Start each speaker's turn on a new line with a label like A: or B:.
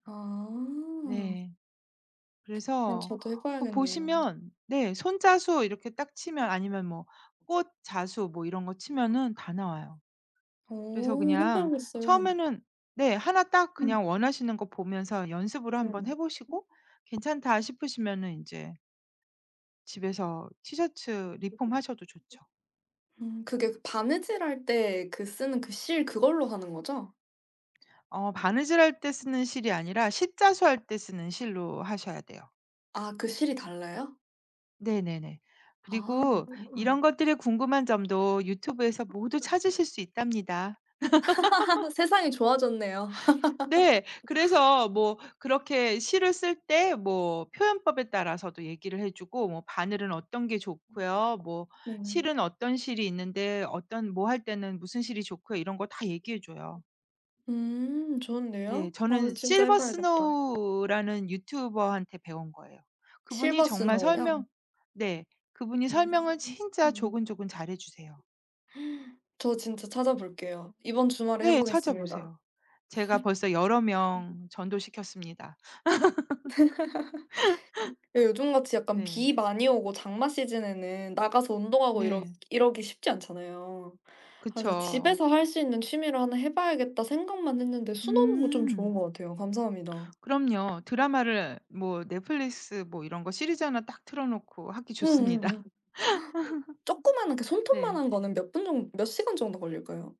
A: 아.
B: 네.
A: 어
B: 그래서
A: 저도 해
B: 그
A: 봐야겠네요.
B: 보시면 네. 손자수 이렇게 딱 치면 아니면 뭐
A: [unintelligible]
B: 꽃 자수 뭐 이런 거
A: [unintelligible]
B: 치면은 다 나와요. 그래서
A: 어. 해
B: 그냥
A: 봐야겠어요.
B: 처음에는 네. 하나 딱
A: 음.
B: 그냥 원하시는 거 보면서 연습으로
A: 네네.
B: 한번 해
A: 음.
B: 보시고 괜찮다 싶으시면은 인제 집에서 티셔츠
A: [unintelligible]
B: 리폼하셔도 좋죠.
A: 음 그게 바느질할 때 그 쓰는 그 실 그걸로 하는 거죠?
B: 어. 바느질할 때 쓰는 실이 아니라 십자수 할 때 쓰는 실로 하셔야 돼요.
A: 아 그 실이 달라요?
B: 네네네.
A: 아
B: 그리고 이런
A: [unintelligible]
B: 것들의 궁금한 점도 유튜브에서 모두
A: [unintelligible]
B: 찾으실 수 있답니다.
A: 세상이 좋아졌네요.
B: 네. 그래서 뭐 그렇게 실을 쓸 때 뭐 표현법에 따라서도 얘기를 해 주고 뭐
A: [unintelligible]
B: 바늘은 어떤 게 좋고요 뭐
A: 네네.
B: 실은 어떤 실이 있는데 어떤 뭐 할 때는 무슨 실이 좋고요 이런 거 다 얘기해 줘요.
A: 음.
B: 네.
A: 좋은데요. 아
B: 저는
A: 진짜 해
B: 실버
A: 봐야겠다.
B: 스노우라는 유튜버한테 배운 거예요. 그분이
A: 실버
B: 정말 설명
A: 스노우요?
B: 네. 그분이
A: [unintelligible]
B: 설명을
A: 음.
B: 진짜 조근조근 잘해 주세요.
A: 저 진짜 찾아볼게요. 이번 주말에 해
B: 네.
A: 보겠습니다.
B: 찾아보세요. 제가 벌써 여러
A: [unintelligible]
B: 명 전도시켰습니다.
A: 예 요즘 같이 약간
B: 네.
A: 비 많이 오고 장마 시즌에는 나가서 운동하고 이러
B: 네.
A: 이러기 쉽지 않잖아요. 그래서
B: 그쵸.
A: '집에서 할 수 있는 취미를 하나 해 봐야겠다.' 생각만 했는데 수놓는 거 좀
B: 음.
A: 좋은 것 같아요. 감사합니다.
B: 그럼요. 드라마를 뭐 넷플릭스 뭐 이런 거 시리즈 하나 딱 틀어놓고 하기 좋습니다.
A: 응응응. 쪼끄마한 그
B: 네.
A: 손톱만한 거는 몇 분 정 몇 시간 정도 걸릴까요?